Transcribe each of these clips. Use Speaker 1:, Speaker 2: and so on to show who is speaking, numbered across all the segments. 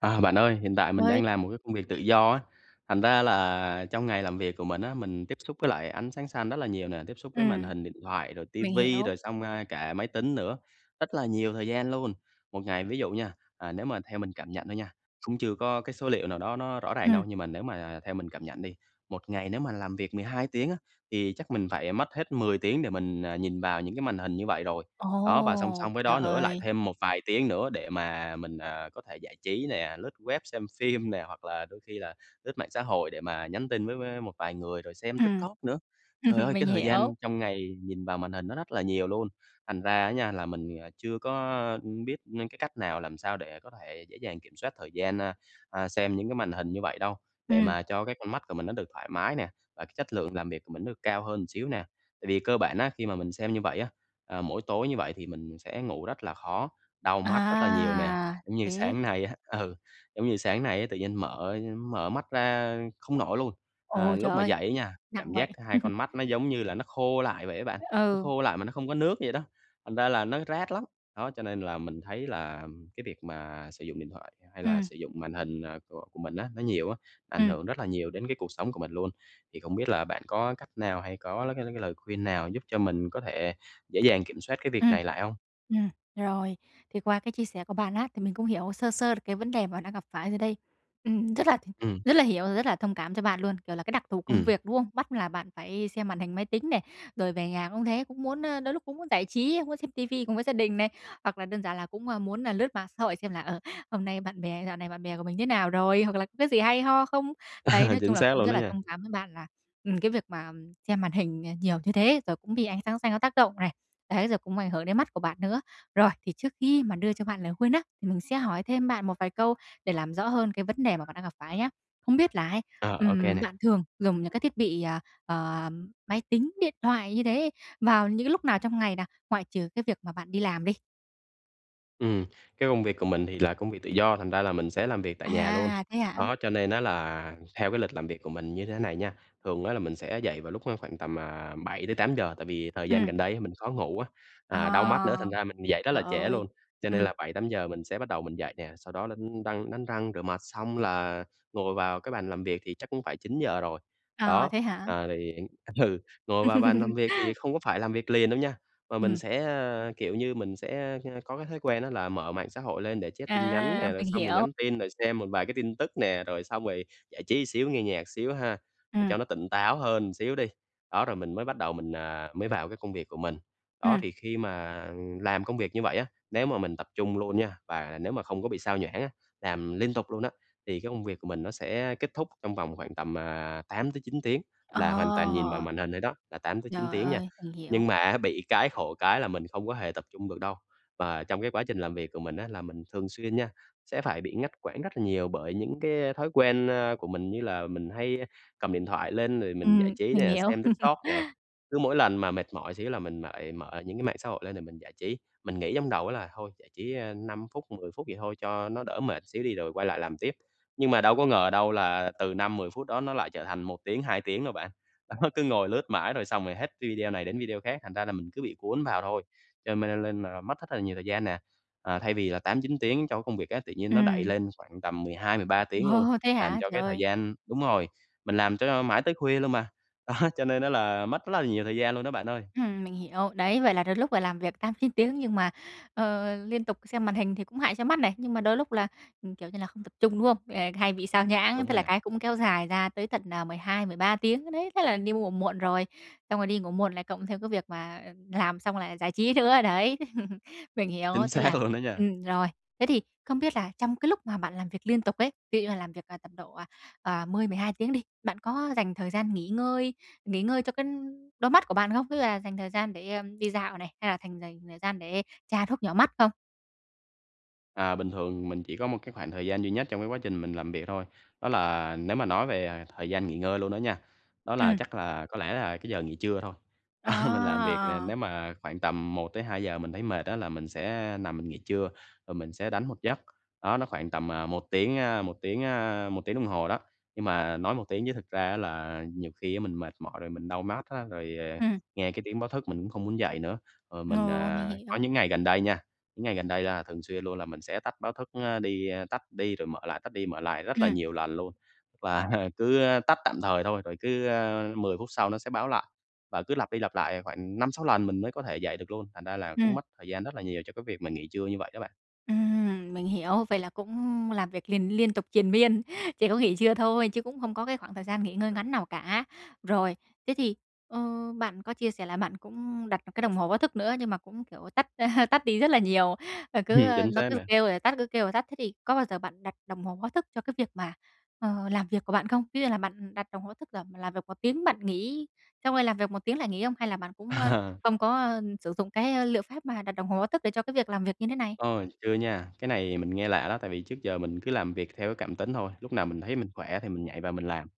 Speaker 1: À, bạn ơi hiện tại mình
Speaker 2: Ơi.
Speaker 1: đang làm một cái công việc tự do á, thành ra là trong ngày làm việc của mình á, mình tiếp xúc với lại ánh sáng xanh rất là nhiều nè, tiếp xúc với màn
Speaker 2: Ừm.
Speaker 1: hình điện thoại rồi ti
Speaker 2: Mình
Speaker 1: vi
Speaker 2: hiểu.
Speaker 1: rồi xong, à, cả máy tính nữa, rất là nhiều thời gian luôn. Một ngày ví dụ nha, à, nếu mà theo mình cảm nhận thôi nha, cũng chưa có cái số liệu nào đó nó rõ ràng
Speaker 2: Ừm.
Speaker 1: đâu nhưng mà nếu mà, à, theo mình cảm nhận đi, một ngày nếu mà làm việc 12 tiếng á thì chắc mình phải, à, mất hết 10 tiếng để mình, ờ, nhìn vào những cái màn hình như vậy rồi. Đó, và song
Speaker 2: Ồ,
Speaker 1: song với
Speaker 2: trời
Speaker 1: đó nữa lại
Speaker 2: ơi!
Speaker 1: thêm một vài tiếng nữa để mà mình, à, có thể giải trí nè, lướt web xem phim nè, hoặc là đôi khi là lướt mạng xã hội để mà nhắn tin với với một vài người, rồi xem
Speaker 2: Ừm,
Speaker 1: TikTok nữa.
Speaker 2: ừm
Speaker 1: Trời
Speaker 2: hưm,
Speaker 1: ơi!
Speaker 2: mình
Speaker 1: Cái thời
Speaker 2: hiểu.
Speaker 1: gian trong ngày nhìn vào màn hình nó rất là nhiều luôn, thành ra á nha là mình thì, à, chưa có, ừm, biết nên cái cách nào, làm sao để có thể dễ dàng kiểm soát thời gian, a, a, xem những cái màn hình như vậy đâu, để
Speaker 2: Ừm.
Speaker 1: mà cho cái con mắt của mình nó được thoải mái nè, và cái chất lượng làm việc của mình nó được cao hơn một xíu nè. Tại vì cơ bản á, khi mà mình xem như vậy á, à, mỗi tối như vậy thì mình sẽ ngủ rất là khó, đau mắt rất là nhiều nè.
Speaker 2: À,
Speaker 1: Giống như
Speaker 2: thế.
Speaker 1: sáng nay á, ừ, giống như sáng nay á, tự nhiên mở mở mắt ra không nổi luôn. À,
Speaker 2: Ồ, trời
Speaker 1: lúc mà
Speaker 2: ơi!
Speaker 1: dậy á nha,
Speaker 2: Nặng
Speaker 1: cảm
Speaker 2: vậy.
Speaker 1: giác hai con mắt nó, giống như là, nó khô lại vậy á bạn, nó
Speaker 2: Ừ.
Speaker 1: khô lại mà nó không có nước vậy đó, thành ra là nó rát lắm. Đó, cho nên là mình thấy là, ừm, cái việc mà sử dụng điện thoại hay là
Speaker 2: Ừm.
Speaker 1: sử dụng màn hình, à, của của mình á nó nhiều á, ảnh
Speaker 2: Ừm.
Speaker 1: hưởng rất là nhiều đến cái cuộc sống của mình luôn. Thì không biết là bạn có cái cách nào hay có lơi có cái lời khuyên nào giúp cho mình có thể dễ dàng kiểm soát cái việc
Speaker 2: Ừm.
Speaker 1: này lại hông?
Speaker 2: Ừm, rồi. Thì qua cái chia sẻ của bạn á, thì mình cũng hiểu sơ sơ được cái vấn đề mà bạn đang gặp phải rồi đây. Ừm, rất là thì
Speaker 1: Ừm.
Speaker 2: rất là hiểu, rất là thông cảm cho bạn luôn, kiểu là cái đặc thù công
Speaker 1: Ừm.
Speaker 2: việc, đúng không? Bắt là bạn phải xem màn hình máy tính này, rồi về nhà cũng thế, cũng muốn, ơ, đôi lúc cũng muốn giải trí, muốn xem ti vi cùng với gia đình này, hoặc là đơn giản là cũng, à, muốn là lướt mạng xã hội xem là, ờ, hôm nay bạn bè dạo này bạn bè của mình thế nào rồi? Hoặc là có cái gì hay ho không? Đấy,
Speaker 1: À,
Speaker 2: nói chung
Speaker 1: chính
Speaker 2: là
Speaker 1: xác
Speaker 2: cũng
Speaker 1: luôn
Speaker 2: rất
Speaker 1: đó
Speaker 2: là
Speaker 1: nha!
Speaker 2: thông cảm với bạn là, ừm, cái việc mà, ừm, xem màn hình, à, nhiều như thế, rồi cũng bị ánh sáng xanh nó tác động này, đấy, rồi cũng ảnh hưởng đến mắt của bạn nữa. Rồi, thì trước khi mà đưa cho bạn lời khuyên á, thì mình sẽ hỏi thêm bạn một vài câu để làm rõ hơn cái vấn đề mà bạn đang gặp phải nhá? Không biết là ấy,
Speaker 1: Ờ, ô kê
Speaker 2: ừm,
Speaker 1: nè.
Speaker 2: bạn thường dùng những cái thiết bị, ờ, ờm, máy tính, điện thoại như thế vào những cái lúc nào trong ngày nè, ngoại trừ cái việc mà bạn đi làm đi?
Speaker 1: Ừm, cái công việc của mình thì là công việc tự do, thành ra là mình sẽ làm việc tại nhà luôn,
Speaker 2: À, thế hả?
Speaker 1: đó cho nên á là theo cái lịch làm việc của mình như thế này nha. Thường á là mình sẽ dậy vào lúc kh khoảng tầm, à, 7:00-8:00 tại vì thời gian
Speaker 2: Ừm.
Speaker 1: gần đây mình khó ngủ á, à, đau mắt nữa
Speaker 2: À,
Speaker 1: thành ra mình dậy rất
Speaker 2: trời
Speaker 1: là trễ
Speaker 2: ơi,
Speaker 1: luôn, cho nên
Speaker 2: ừm.
Speaker 1: là 7:00-8:00 mình sẽ bắt đầu mình dậy nè, sau đó đánh răng đánh răng rửa mặt xong là ngồi vào cái bàn làm việc thì chắc cũng phải 9:00 rồi.
Speaker 2: À,
Speaker 1: Đó,
Speaker 2: thế hả?
Speaker 1: ờ thì hiện ừ, ngồi vào bàn làm việc thì không có phải làm việc liền đâu nha, mà mình
Speaker 2: Ừm.
Speaker 1: sẽ, ờ, kiểu như, mình sẽ, ơ, có cái thói quen đó là mở mạng xã hội lên để check tin nhắn
Speaker 2: À,
Speaker 1: nè, rồi
Speaker 2: mình
Speaker 1: xong rồi
Speaker 2: hiểu.
Speaker 1: nhắn tin, rồi xem một vài cái tin tức nè, rồi xong rồi giải trí xíu nghe nhạc xíu ha, để
Speaker 2: Ừm.
Speaker 1: cho nó tỉnh táo hơn một xíu đi, đó, rồi mình mới bắt đầu mình, à, mới vào cái công việc của mình. Đó,
Speaker 2: Ừm.
Speaker 1: thì khi mà làm công việc như vậy á, nếu mà mình tập trung luôn nha, và nếu mà không có bị sao nhãng á, làm liên tục luôn á thì cái công việc của mình nó sẽ kết thúc trong vòng khoảng tầm, à, 8-9 tiếng
Speaker 2: Ờ.
Speaker 1: là hoàn toàn nhìn vào màn hình thôi đó, là 8-9
Speaker 2: Trời
Speaker 1: tiếng nha.
Speaker 2: ơi, mình
Speaker 1: Nhưng
Speaker 2: hiểu!
Speaker 1: mà á bị cái khổ cái là mình không có hề tập trung được đâu, và trong cái chương trình làm việc của mình á là mình thường xuyên nha sẽ phải bị ngắt quãng rất là nhiều bởi những cái, a, thói quen, a, của mình như là mình hay cầm điện thoại lên rồi mình giải
Speaker 2: Ừm,
Speaker 1: trí
Speaker 2: mình
Speaker 1: nè,
Speaker 2: hiểu.
Speaker 1: xem TikTok nè, cứ mỗi lần mà mệt mỏi xíu là mình lại mở những cái mạng xã hội lên để mình giải trí, mình nghĩ trong đầu á là thôi giải trí, ơ, 5 phút, 10 phút vậy thôi cho nó đỡ mệt xíu đi rồi quay lại làm tiếp. Nhưng mà đâu có ngờ đâu là từ 5-10 phút đó nó lại trở thành 1 tiếng, 2 tiếng đâu bạn, đó, cứ ngồi lướt mãi rồi xong rồi hết video này đến video khác, thành ra là mình cứ bị cuốn vào thôi, cho mên nên là mất rất là nhiều thời gian nè. À, thay vì là 8-9 tiếng cho cái công việc á, tự nhiên nó đẩy
Speaker 2: Ừm.
Speaker 1: lên khoảng tầm 12-13 tiếng luôn,
Speaker 2: Ồ, thế
Speaker 1: làm
Speaker 2: hả,
Speaker 1: cho
Speaker 2: trời
Speaker 1: cái thời
Speaker 2: ơi!
Speaker 1: gian đúng rồi, mình làm cho mãi tới khuya luôn mà, đó, cho nên á là mất rất là nhiều thời gian luôn đó bạn ơi.
Speaker 2: Ừm, mình hiểu. Đấy, vậy là đôi lúc là làm việc 8-9 tiếng nhưng mà, ờ, liên tục xem màn hình thì cũng hại cho mắt này. Nhưng mà đôi lúc là, ừ, kiểu như là, không tập trung, đúng không? À, hay bị sao nhãng,
Speaker 1: Đúng
Speaker 2: tức
Speaker 1: rồi
Speaker 2: là
Speaker 1: nè.
Speaker 2: cái cũng kéo dài ra tới tận, ờ, 12-13 tiếng đấy, thế là đi ngủ muộn rồi, xong rồi đi ngủ muộn lại cộng theo cái việc mà làm xong lại giải trí nữa, đấy, mình hiểu,
Speaker 1: Chính
Speaker 2: thế
Speaker 1: xác
Speaker 2: là
Speaker 1: luôn đó nha.
Speaker 2: ừm, rồi. Thế thì không biết là trong cái lúc mà bạn làm việc liên tục ấy, ví dụ như là làm việc tầm độ à 10, 12 tiếng đi, bạn có dành thời gian nghỉ ngơi nghỉ ngơi cho cái đôi mắt của bạn không? Ví dụ là dành thời gian để, a, đi dạo này, hay là thành dành thời gian để tra thuốc nhỏ mắt không?
Speaker 1: À, bình thường mình chỉ có một cái khoảng thời gian duy nhất trong cái quá trình mình làm việc thôi, đó là nếu mà nói về, à, thời gian nghỉ ngơi luôn đó nha, đó là,
Speaker 2: Ừm.
Speaker 1: chắc là, có lẽ là cái giờ nghỉ trưa thôi. Mình làm việc nè
Speaker 2: Ờ.
Speaker 1: nếu mà khoảng tầm 1:00-2:00 mình thấy mệt á là mình sẽ, a, nằm mình nghỉ trưa rồi mình sẽ đánh một giấc, đó, nó khoảng tầm, à, 1 tiếng, a, 1 tiếng, a, 1 tiếng đồng hồ đó, nhưng mà nói một tiếng chứ thực ra á là nhiều khi á mình mệt mỏi rồi mình đau mắt á, rồi, à,
Speaker 2: Ừm.
Speaker 1: nghe cái tiếng báo thức mình cũng không muốn dậy nữa. Ờ, mình,
Speaker 2: Ờ, mình
Speaker 1: à, có
Speaker 2: hiểu.
Speaker 1: những ngày gần đây nha, những ngày gần đây là thường xuyên luôn là mình sẽ tắt báo thức, a, đi, a, tắt đi rồi mở lại, tắt đi mở lại rất là
Speaker 2: Ừm.
Speaker 1: nhiều lần luôn, tức là cứ, a, tắt tạm thời thôi, rồi cứ, a, 10 phút sau nó sẽ báo lại và cứ lặp đi lặp lại khoảng 5-6 lần mình mới có thể dậy được luôn, thành ra là cũng
Speaker 2: Ừm.
Speaker 1: mất thời gian rất là nhiều cho cái việc mình nghỉ trưa như vậy đó bạn.
Speaker 2: Ừm, mình hiểu, vậy là cũng làm việc liền liên tục triền miên, chỉ có nghỉ trưa thôi chứ cũng không có cái khoảng thời gian nghỉ ngơi ngắn nào cả. Rồi, thế thì, ờ, bạn có chia sẻ là bạn cũng đặt một cái đồng hồ báo thức nữa nhưng mà cũng, kiểu, tắt tắt đi rất là nhiều, và cứ, ơ,
Speaker 1: Chính
Speaker 2: nó
Speaker 1: xác
Speaker 2: cứ
Speaker 1: nè.
Speaker 2: kêu rồi tắt cứ kêu rồi tắt. Thế thì có bao giờ bạn đặt đồng hồ báo thức cho cái việc mà, ờ, làm việc của bạn không? Ví dụ như là bạn đặt đồng báo thức là làm việc 1 tiếng bạn nghỉ, xong rồi làm việc 1 tiếng lại nghỉ không? Hay là bạn cũng, a, không có, a, sử dụng cái, ơ, liệu pháp mà đặt đồng hồ báo thức để cho cái việc làm việc như thế này?
Speaker 1: Ôi, chưa nha, cái này mình nghe lạ đó tại vì trước giờ mình cứ làm việc theo cái cảm tính thôi, lúc nào mình thấy mình khỏe thì mình nhảy vào mình làm.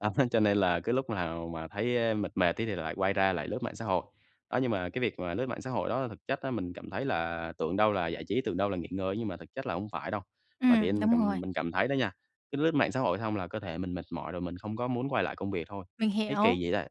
Speaker 1: Đó, cho nên là cứ lúc nào mà thấy, a, mệt mệt tí thì lại quay ra lại lướt mạng xã hội. Đó, nhưng mà cái việc mà lướt mạng xã hội đó thực chất á mình cảm thấy là tưởng đâu là giải trí tưởng đâu là nghỉ ngơi á, nhưng mà thực chất là hổng phải đâu. Mà tự
Speaker 2: Ừm,
Speaker 1: nhiên mình
Speaker 2: đúng rồi.
Speaker 1: cảm mình cảm thấy đó nha, cứ lướt mạng xã hội xong là cơ thể mình mệt mỏi rồi mình không có muốn quay lại công việc thôi.
Speaker 2: Mình
Speaker 1: Thấy
Speaker 2: hiểu.
Speaker 1: kỳ vậy ta?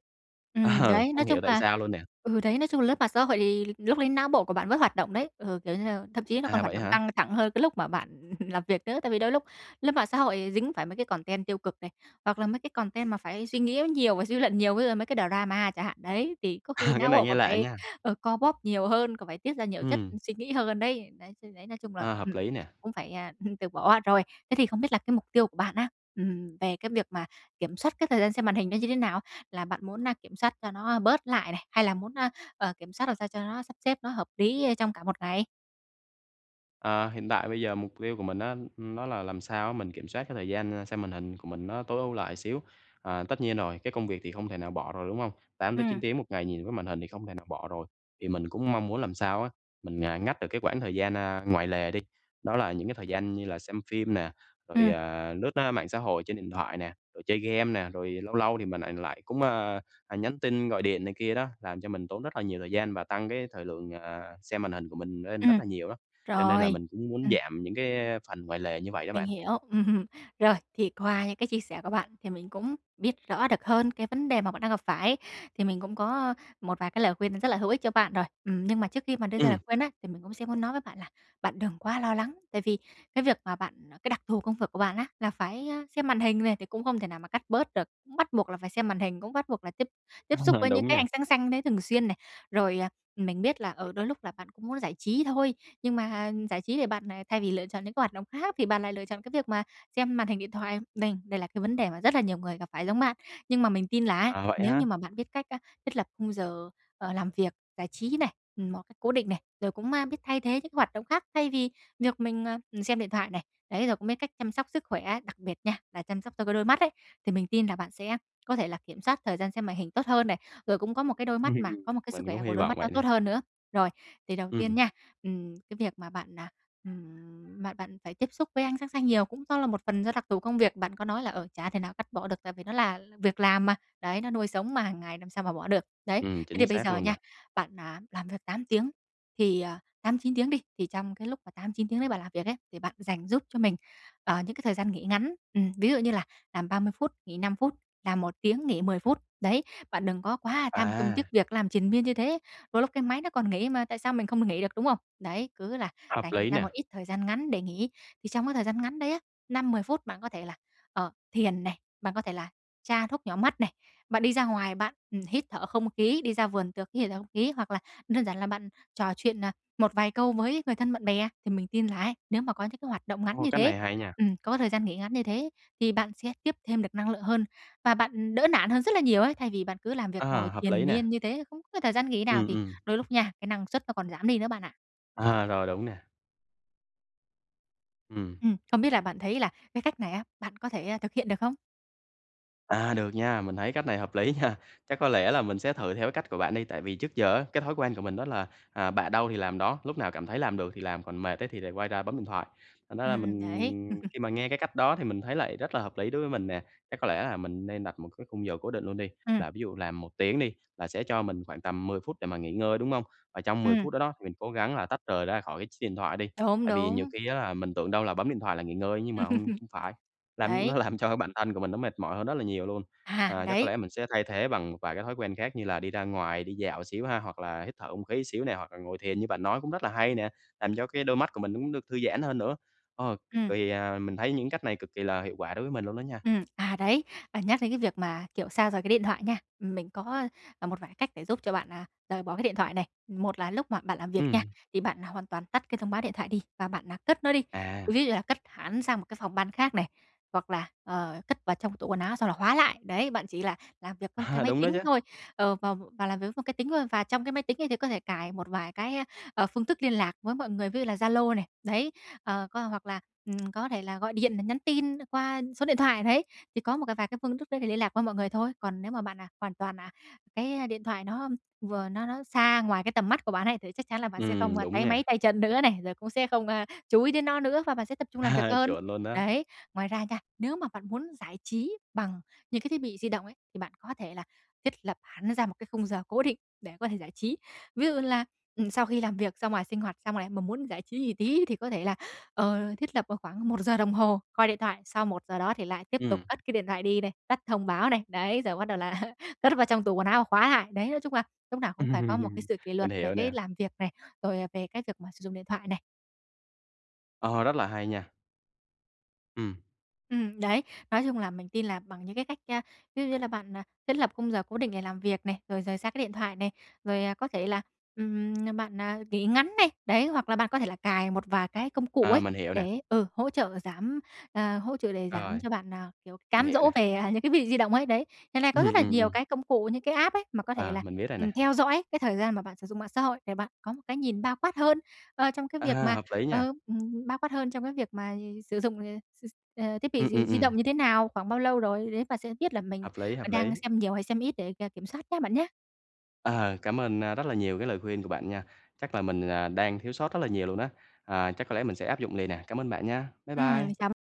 Speaker 2: Ừm,
Speaker 1: Ờ,
Speaker 2: đấy,
Speaker 1: không
Speaker 2: nói chung
Speaker 1: hiểu tại
Speaker 2: là
Speaker 1: sao luôn nè.
Speaker 2: ừ, đấy, nói chung là lướt mạng xã hội thì lúc đấy não bộ của bạn vẫn hoạt động đấy, ừ, kiểu như thậm chí nó còn
Speaker 1: À,
Speaker 2: hoạt
Speaker 1: vậy
Speaker 2: động
Speaker 1: hả?
Speaker 2: căng thẳng hơn cái lúc mà bạn làm việc nữa, tại vì đôi lúc lướt mạng xã hội thì dính phải mấy cái content tiêu cực này, hoặc là mấy cái content mà phải suy nghĩ nó nhiều và suy luận nhiều, ví dụ mấy cái drama chẳng hạn. Đấy, thì có khi
Speaker 1: Cái
Speaker 2: não
Speaker 1: này
Speaker 2: bộ
Speaker 1: nghe
Speaker 2: còn
Speaker 1: lạ
Speaker 2: phải,
Speaker 1: nha!
Speaker 2: ờ, co bóp nhiều hơn, còn phải tiết ra nhiều chất
Speaker 1: Ừm.
Speaker 2: suy nghĩ hơn đấy. Đấy, chứ đấy nói chung là,
Speaker 1: A, hợp
Speaker 2: ừm,
Speaker 1: lý nè!
Speaker 2: cũng phải, à, hừm, từ bỏ. Rồi, thế thì không biết là cái mục tiêu của bạn á, ừm, về cái việc mà kiểm soát cái thời gian xem màn hình nó như thế nào? Là bạn muốn, a, kiểm soát cho nó bớt lại này, hay là muốn, a, ờ, kiểm soát làm sao cho nó sắp xếp nó hợp lý, ơ, trong cả một ngày?
Speaker 1: Ờ, hiện tại bây giờ mục tiêu của mình á, nó là làm sao á mình kiểm soát cái thời gian, ơ, xem màn hình của mình nó tối ưu lại xíu. À, tất nhiên rồi, cái công việc thì không thể nào bỏ rồi, đúng hông? 8-9
Speaker 2: Ừm.
Speaker 1: tiếng một ngày nhìn cái màn hình thì không thể nào bỏ rồi, thì mình cũng mong muốn làm sao á, mình, ờ, ngắt được cái quãng thời gian, ơ, ngoài lề đi, đó là những cái thời gian như là xem phim nè, rồi,
Speaker 2: Ừm.
Speaker 1: à, lướt, a, mạng xã hội trên điện thoại nè, rồi chơi game nè. Rồi lâu lâu thì mình lại lại cũng, ơ, ờ, nhắn tin gọi điện này kia đó, làm cho mình tốn rất là nhiều thời gian và tăng cái thời lượng, ờ, xem màn hình của mình lên rất
Speaker 2: Ừm.
Speaker 1: là nhiều đó. Cho nên là
Speaker 2: Rồi.
Speaker 1: mình cũng muốn
Speaker 2: Ừm.
Speaker 1: giảm những cái phần ngoài lề như vậy đó
Speaker 2: Mình
Speaker 1: bạn.
Speaker 2: hiểu. Ừm. Rồi, thì qua những cái chia sẻ của bạn thì mình cũng biết rõ được hơn cái vấn đề mà bạn đang gặp phải, thì mình cũng có một vài cái lời khuyên rất là hữu ích cho bạn rồi. Ừm, nhưng mà trước khi mà đưa ra lời
Speaker 1: Ừm.
Speaker 2: khuyên á, thì mình cũng sẽ muốn nói với bạn là bạn đừng quá lo lắng. Tại vì cái việc mà bạn cái đặc thù công vực của bạn á là phải, a, xem màn hình này, thì cũng không thể nào mà cắt bớt được, cũng bắt buộc là phải xem màn hình, cũng bắt buộc là tiếp tiếp xúc
Speaker 1: Ờ,
Speaker 2: với những
Speaker 1: đúng
Speaker 2: cái
Speaker 1: nha.
Speaker 2: ánh sáng xanh đấy thường xuyên này. Rồi, ờ, mình biết là, ừ, đôi lúc là bạn cũng muốn giải trí thôi, nhưng mà giải trí thì bạn, à, thay vì lựa chọn những cái hoạt động khác thì bạn lại lựa chọn cái việc mà xem màn hình điện thoại, đây đây là cái vấn đề mà rất là nhiều người gặp phải giống bạn. Nhưng mà mình tin là á,
Speaker 1: Ờ, vậy
Speaker 2: nếu
Speaker 1: ha?
Speaker 2: như mà bạn biết cách, a, thiết lập khung giờ, ờ, làm việc, giải trí này, ừm, một cách cố định này, rồi cũng ma biết thay thế những hoạt động khác, thay vì việc mình, ờ, ừm, xem điện thoại này, đấy, rồi cũng biết cách chăm sóc sức khỏe, đặc biệt nha, là chăm sóc cho cái đôi mắt ấy, thì mình tin là bạn sẽ có thể là kiểm soát thời gian xem màn hình tốt hơn này, rồi cũng có một cái đôi mắt mà có một cái sức
Speaker 1: Mình cũng
Speaker 2: khỏe của
Speaker 1: hy
Speaker 2: đôi
Speaker 1: vọng
Speaker 2: mắt nó
Speaker 1: vậy nè.
Speaker 2: tốt hơn nữa. Rồi, thì đầu tiên
Speaker 1: Ừm.
Speaker 2: nha, ừm, cái việc mà bạn, à, ừm, bạn bạn phải tiếp xúc với ánh sáng xanh nhiều cũng do là một phần do đặc thù công việc, bạn có nói là, ờ, chả thể nào cắt bỏ được, tại vì nó là là việc làm mà, đấy, nó nuôi sống mà hàng ngày làm sao mà bỏ được. Đấy,
Speaker 1: Ừm,
Speaker 2: thế
Speaker 1: chính
Speaker 2: thì bây
Speaker 1: xác
Speaker 2: giờ
Speaker 1: luôn nè.
Speaker 2: nha, bạn, à, làm việc 8 tiếng thì ờ, 8-9 tiếng đi, thì trong cái lúc mà 8-9 tiếng đấy bạn làm việc ấy, thì bạn dành giúp cho mình, ờ, những cái thời gian nghỉ ngắn, ừm, ví dụ như là làm 30 phút nghỉ 5 phút, làm 1 tiếng nghỉ 10 phút. Đấy, bạn đừng có quá tham công tiếc
Speaker 1: À.
Speaker 2: việc, làm triền miên như thế, đôi lúc cái máy nó còn nghỉ mà tại sao mình không được nghỉ được, đúng không? Đấy, cứ là
Speaker 1: Hợp
Speaker 2: dành
Speaker 1: lý
Speaker 2: ra một
Speaker 1: nè.
Speaker 2: ít thời gian ngắn để nghỉ, thì trong cái thời gian ngắn đấy á, 5-10 phút bạn có thể là, ờ, thiền này, bạn có thể là tra thuốc nhỏ mắt này, bạn đi ra ngoài bạn, ừm, hít thở không khí, đi ra vườn tược hít thở không khí hoặc là đơn giản là bạn trò chuyện, à, một vài câu với người thân bạn bè. Thì mình tin là ấy, nếu mà có những cái hoạt động ngắn
Speaker 1: Ô,
Speaker 2: như
Speaker 1: cách
Speaker 2: thế
Speaker 1: này hay nha!
Speaker 2: ừm, có thời gian nghỉ ngắn như thế thì bạn sẽ tiếp thêm được năng lượng hơn, và bạn, ừm, đỡ nản hơn rất là nhiều ấy, thay vì bạn cứ làm việc ngồi
Speaker 1: À, hợp
Speaker 2: triền
Speaker 1: lý nè.
Speaker 2: miên như thế, không có thời gian nghỉ nào
Speaker 1: Ừm,
Speaker 2: thì
Speaker 1: ừm.
Speaker 2: đôi lúc nha, cái năng suất nó còn giảm đi nữa bạn ạ.
Speaker 1: À, rồi, đúng nè. Ừm.
Speaker 2: Ừm. Không biết là bạn thấy là cái cách này á, bạn có thể, a, thực hiện được không?
Speaker 1: À, được nha, mình thấy cách này hợp lý nha. Chắc có lẽ là mình sẽ thử theo cái cách của bạn đi, tại vì trước giờ á cái thói quen của mình đó là, à, bạ đâu thì làm đó, lúc nào cảm thấy làm được thì làm còn mệt ấy thì lại quay ra bấm điện thoại. Thành ra là
Speaker 2: Ừm, ừm, đấy.
Speaker 1: mình khi mà nghe cái cách đó thì mình thấy lại rất là hợp lý đối với mình nè. Chắc có lẽ là mình nên đặt một cái khung giờ cố định luôn đi,
Speaker 2: Ừm.
Speaker 1: là ví dụ làm 1 tiếng đi là sẽ cho mình khoảng tầm 10 phút để mà nghỉ ngơi, đúng không? Và trong 10
Speaker 2: Ừm.
Speaker 1: phút đó đó, thì mình cố gắng là tách rời ra khỏi cái ch chiếc điện thoại đi.
Speaker 2: Đúng,
Speaker 1: Tại vì nhiều
Speaker 2: đúng.
Speaker 1: khi á là mình tưởng đâu là bấm điện thoại là nghỉ ngơi á nhưng mà hông hông phải, làm
Speaker 2: Đấy.
Speaker 1: nó làm cho cái bản thân của mình nó mệt mỏi hơn rất là nhiều luôn.
Speaker 2: À,
Speaker 1: À, chắc có
Speaker 2: đấy.
Speaker 1: lẽ mình sẽ thay thế bằng một vài cái thói quen khác như là đi ra ngoài, đi dạo xíu há, hoặc là hít thở không khí xíu nè hoặc là ngồi thiền như bạn nói cũng rất là hay nè. Làm cho cái đôi mắt của mình nó cũng được thư giãn hơn nữa, ơ, cực
Speaker 2: Ừm.
Speaker 1: kỳ à, mình thấy những cách này cực kỳ là hiệu quả đối với mình luôn đó nha!
Speaker 2: Ừm. À, đấy, và nhắc đến cái việc mà, kiểu, xa rời cái điện thoại nha, ừm, mình có, à, một vài cái cách để giúp cho bạn, à, rời bỏ cái điện thoại này. Một là lúc mà bạn làm việc nha,
Speaker 1: Ừm.
Speaker 2: thì bạn hoàn toàn tắt cái thông báo điện thoại đi và bạn, à, cất nó đi.
Speaker 1: À.
Speaker 2: Ví như là cất hẳn sang một cái phòng ban khác này, hoặc là, ờ, cất vào trong tủ quần áo xong là khóa lại. Đấy, bạn chỉ là làm việc với một cái máy
Speaker 1: Đúng đó
Speaker 2: tính
Speaker 1: chứ!
Speaker 2: thôi, ờ, vào và làm việc với một cái tính thôi. Và trong cái máy tính ấy thì có thể cài một vài cái, a, ờ, phương thức liên lạc với mọi người, ví dụ là Zalo này, đấy, ờ, có hoặc là, ừm, có thể là gọi điện nè nhắn tin qua số điện thoại đấy, thì có một cài vài cái phương thức đấy để liên lạc với mọi người thôi. Còn nếu mà bạn, à, hoàn toàn, à, cái điện thoại nó vừa nó nó xa ngoài cái tầm mắt của bạn ấy, thì chắc chắn là bạn sẽ không,
Speaker 1: Ừm,
Speaker 2: a,
Speaker 1: đúng
Speaker 2: táy máy
Speaker 1: nha!
Speaker 2: tay chân nữa này, rồi cũng sẽ không, a, chú ý đến nó nữa và bạn sẽ tập trung làm việc
Speaker 1: À,
Speaker 2: hơn,
Speaker 1: chuẩn luôn á!
Speaker 2: đấy. Ngoài ra nha, nếu mà bạn muốn giải trí bằng những cái thiết bị di động ấy, thì bạn có thể là thiết lập hẳn ra một cái khung giờ cố định để có thể giải trí. Ví dụ như là, ừm, sau khi làm việc ra ngoài sinh hoạt xong lại mà muốn giải trí gì tí thì có thể là, ờ, thiết lập vào khoảng 1 giờ đồng hồ coi điện thoại sau 1 giờ đó thì lại tiếp tục
Speaker 1: Ừm.
Speaker 2: cất cái điện thoại đi này, tắt thông báo này, đấy, rồi bắt đầu là cất vào trong tủ quần áo và khóa lại. Đấy, nói chung là lúc nào cũng phải có một cái sự kỷ
Speaker 1: Mình
Speaker 2: luật về
Speaker 1: hiểu
Speaker 2: cái
Speaker 1: nè.
Speaker 2: làm việc này, rồi, à, về cái việc mà sử dụng điện thoại này.
Speaker 1: Ờ, rất là hay nha! Ừm.
Speaker 2: Ừm, đấy. Nói chung là mình tin là bằng những cái cách, a, ví dụ như là bạn, à, thiết lập khung giờ cố định để làm việc này, rồi rời xa cái điện thoại này, rồi, à, có thể là, ừm, bạn, à, nghỉ ngắn này, đấy. Hoặc là bạn có thể là cài một vài cái công cụ
Speaker 1: À,
Speaker 2: ấy,
Speaker 1: mình hiểu nè.
Speaker 2: để, ừ, hỗ trợ giảm, à, hỗ trợ để giảm
Speaker 1: Rồi.
Speaker 2: cho bạn, à, kiểu,
Speaker 1: Mình
Speaker 2: cám
Speaker 1: hiểu
Speaker 2: dỗ
Speaker 1: nè.
Speaker 2: về, à, những cái thiết bị di động ấy, đấy. Hiện nay có rất
Speaker 1: Ừm,
Speaker 2: là
Speaker 1: ừm,
Speaker 2: nhiều
Speaker 1: ừm.
Speaker 2: cái công cụ những cái app ấy mà có thể
Speaker 1: À,
Speaker 2: là,
Speaker 1: mình biết rồi
Speaker 2: ừm,
Speaker 1: nè.
Speaker 2: theo dõi cái thời gian mà bạn sử dụng mạng xã hội, để bạn có một cái nhìn bao quát hơn, ơ, trong cái việc
Speaker 1: À,
Speaker 2: mà
Speaker 1: hợp lý nha!
Speaker 2: ờ, ừm, bao quát hơn trong cái việc mà sử dụng, ờ, s s ờ, thiết bị
Speaker 1: Ừm, ừm,
Speaker 2: di di động
Speaker 1: ừm.
Speaker 2: như thế nào, khoảng bao lâu rồi, đấy, bạn sẽ biết là mình
Speaker 1: Hợp lý,
Speaker 2: có
Speaker 1: hợp lý.
Speaker 2: đang xem nhiều hay xem ít để k kiểm soát nhá bạn nhá!
Speaker 1: À, cảm ơn, a, rất là nhiều cái lời khuyên của bạn nha! Chắc là mình là đang thiếu sót rất là nhiều luôn á, à, chắc có lẽ mình sẽ áp dụng liền nè, cảm ơn bạn nha! Bye
Speaker 2: Ừm,
Speaker 1: bye.
Speaker 2: chào b